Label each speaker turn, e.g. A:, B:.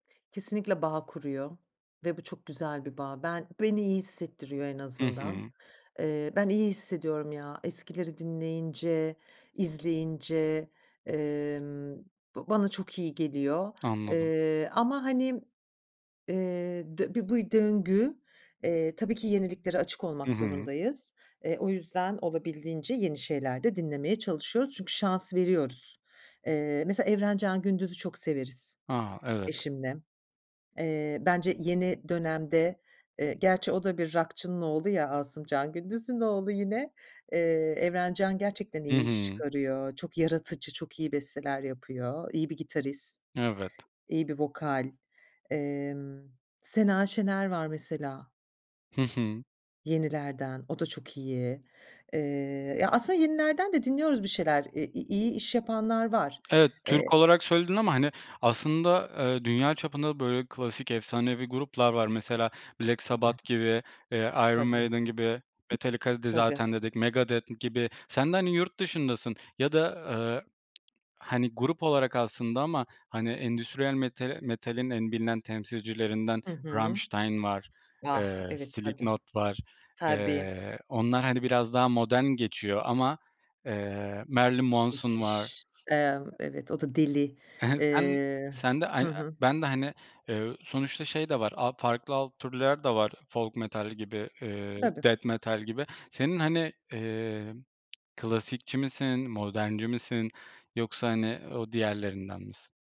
A: Kesinlikle bağ kuruyor ve bu çok güzel bir bağ. Ben beni iyi hissettiriyor en
B: Hı
A: azından.
B: hı.
A: Eee, ben iyi hissediyorum ya, eskileri dinleyince, izleyince, emm, b bana çok iyi geliyor,
B: Anladım.
A: eee, ama, hani, eee, dö bu bir bu döngü, eee, tabii ki yeniliklere açık
B: Hı
A: olmak
B: hı.
A: zorundayız. Eee, o yüzden olabildiğince yeni şeyler de dinlemeye çalışıyoruz çünkü şans veriyoruz. Eee, mesela Evrencan Gündüz'ü çok severiz
B: A! Evet.
A: eşimle. Eee, bence yeni dönemde, eee, gerçi o da bir rockçının oğlu ya, Asımcan Gündüz'ün oğlu yine. Eee, Evrencan gerçekten
B: Hı
A: iyi iş
B: hı.
A: çıkarıyor, çok yaratıcı, çok iyi besteler yapıyor, iyi bir gitarist,
B: Evet.
A: iyi bir vokal. Emm, Sena Şener var mesela
B: Hı hı.
A: yenilerden, o da çok iyi. Eee, ya aslında yenilerden de dinliyoruz bir şeyler, i iyi iş yapanlar var.
B: Evet, Türk
A: Eee
B: olarak söyledin ama, hani, aslında, eee, dünya çapında böyle klasik efsanevi gruplar var. Mesela Black
A: Tabii.
B: Sabbath gibi, eee, Iron
A: Tabii.
B: Maiden gibi, Metallica'yı
A: Tabii.
B: zaten dedik, Megadeth gibi. Sen de, hani, yurt dışındasın ya da, aaa, hani, grup olarak aslında ama, hani, e endüstriyel metalin en bilinen temsilcilerinden
A: Hı hı.
B: Rammstein var,
A: Ah!
B: eee,
A: Evet, tabii.
B: Slipknot var.
A: Tabii.
B: Eee, onlar, hani, biraz daha modern geçiyor ama Marilyn Manson var.
A: Müthiş, eee, evet o da deli.
B: He he, sen
A: Eee
B: sen de ay
A: Hı hı.
B: ben de, hani, eee, sonuçta şey de var, al farklı alt türler de var folk metal gibi,
A: Tabii.
B: death metal gibi. Senin, hani, eee, klasikçi misin, modernci misin yoksa, hani, o diğerlerinden misin?